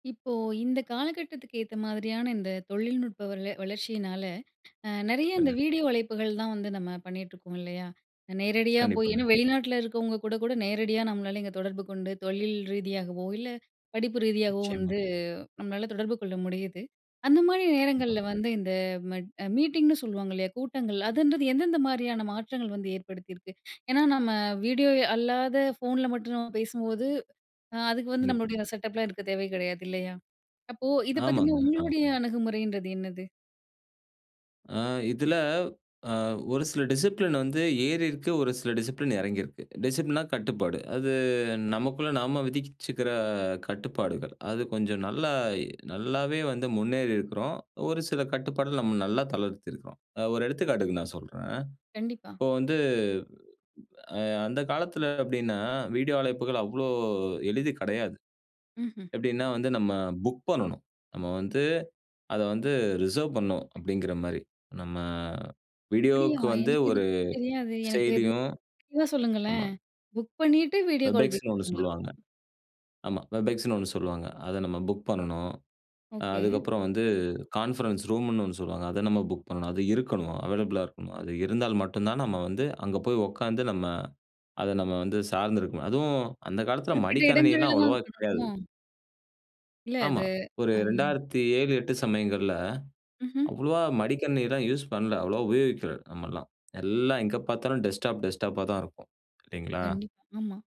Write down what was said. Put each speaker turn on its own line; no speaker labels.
இப்போ, இந்த காலகட்டத்துக்கு ஏத்த மாதிரியான இந்த தொழில்நுட்ப வள வளர்ச்சியினால அ நெறைய இந்த
சொல்லுங்க.
வீடியோ அழைப்புகள் தான் வந்து நம்ம பண்ணிட்டுருக்கோம், இல்லையா? நேரடியா போய்
கண்டிப்பாங்க.
ஏன்னா வெளிநாட்டில இருக்கவவங்க கூட கூட நேரடியா நம்மளால இங்க தொடர்பு கொண்டு தொழில் ரீதியாகவோ, இல்ல படிப்பு ரீதியாகவோ
நிச்சயமா.
வந்து நம்மளால தொடர்பு கொள்ள முடியுது. அந்த மாரி
கண்டிப்பா.
நேரங்கள்ல வந்து இந்த மெட் மீட்டிங்குன்னு சொல்லுவாங்கல்லையா, கூட்டங்கள். அதுன்றது எந்தெந்த மாரியான மாற்றங்கள் வந்து ஏற்படுத்தியிருக்கு? ஏன்னா நம்ம, வீடியோ அல்லாத ஃபோன்ல மட்டும் நம்ம பேசும்போது, அதுக்கு வந்து
கண்டிப்
நம்மளுடைய செட்டப்லாம் இருக்க தேவை கிடையாது இல்லையா? அப்போ, இதை பத்தின
ஆமாங்க, ஆமா.
உங்களுடைய அணுகுமுறைன்றது என்னது?
ஆ இதுல அ ஒரு சில டிசிப்ளின் வந்து ஏறியிருக்கு, ஒரு சில டிசிப்ளின் இறங்கியிருக்கு. டிசிப்ளின்னா கட்டுப்பாடு, அது நமக்குள்ள நாம விதிச்சுக்கிற கட்டுப்பாடுகள். அது கொஞ்சம் நல்லா எ நல்லாவே வந்து முன்னேறி இருக்கிறோம். ஒரு சில கட்டுப்பாடுகள் நம்ம நல்லா தளர்த்தியிருக்குறோம். அது ஒரு எடுத்துக்காட்டுக்கு நான் சொல்றேன்,
கண்டிப்பா.
இப்போ வந்து அ அந்த காலத்தில அப்படின்னா, வீடியோ அழைப்புகள் அவ்வளோ எளிது கெடையாது.
ம்ஹ்ம்.
எப்படின்னா வந்து, "நம்ம புக் பண்ணனும், நம்ம வந்து அத வந்து ரிசர்வ் பண்ணனும்." அப்படிங்கிற மாரி. நம்ம
அப்படியா!
வீடியோவுக்கு வந்து
எனக்கு இது
ஒரு
பத்தி தெரியாது. எனக்கு
செயலியும்
[unintelligible]
ஆமா.
சொல்லுங்களேன் புக் பண்ணீட்டு வீடியோ
வெப்
கால்
எக்ஸ்ன்னு ஒண்ணு
[unintelligible]
சொல்லுவாங்க. ஆமா வெப் எக்ஸ்ன்னு ஒண்ணு சொல்லுவாங்க, அத நம்ம புக் பண்ணணும். அ
ஓகே.
அதுக்கப்புறம் வந்து கான்ஃபரன்ஸ் ரூமுன்னு ஒண்ணு சொல்லுவாங்க, அத நம்ம புக் பண்ணணும். அது இருக்கணும் அவைலபிளா இருக்கணும். அது இருந்தால் மட்டும் தான், நம்ம வந்து அங்க போய் உட்காந்து நம்ம அத நம்ம வந்து சார்ந்து இருக்கணும். அதுவும் அந்த காலத்தில
குறிப்பிட்ட இடங்கள்ல
மடிக்கணினிலாம்
தான்
அவ்வளோவா
அது
கெடையாது.
பண்ணணுமோ? இல்ல அது
ஆமா. ஒரு
அ.
2007, 8 சமயங்கள்ல,
ம்ஹ்ம்.
அவ்வளவா மடிக்கணினில்லாம் யூஸ் பண்ணல. அவ்வளவா உபயோகிக்கல நம்மெல்லாம். எல்லாம் எங்க பார்த்தாலும் டெஸ்க்டாப் டெஸ்க்டாப்பா தான் இருக்கும், இல்லைங்களா?
கண்டிப்பா, ஆமா.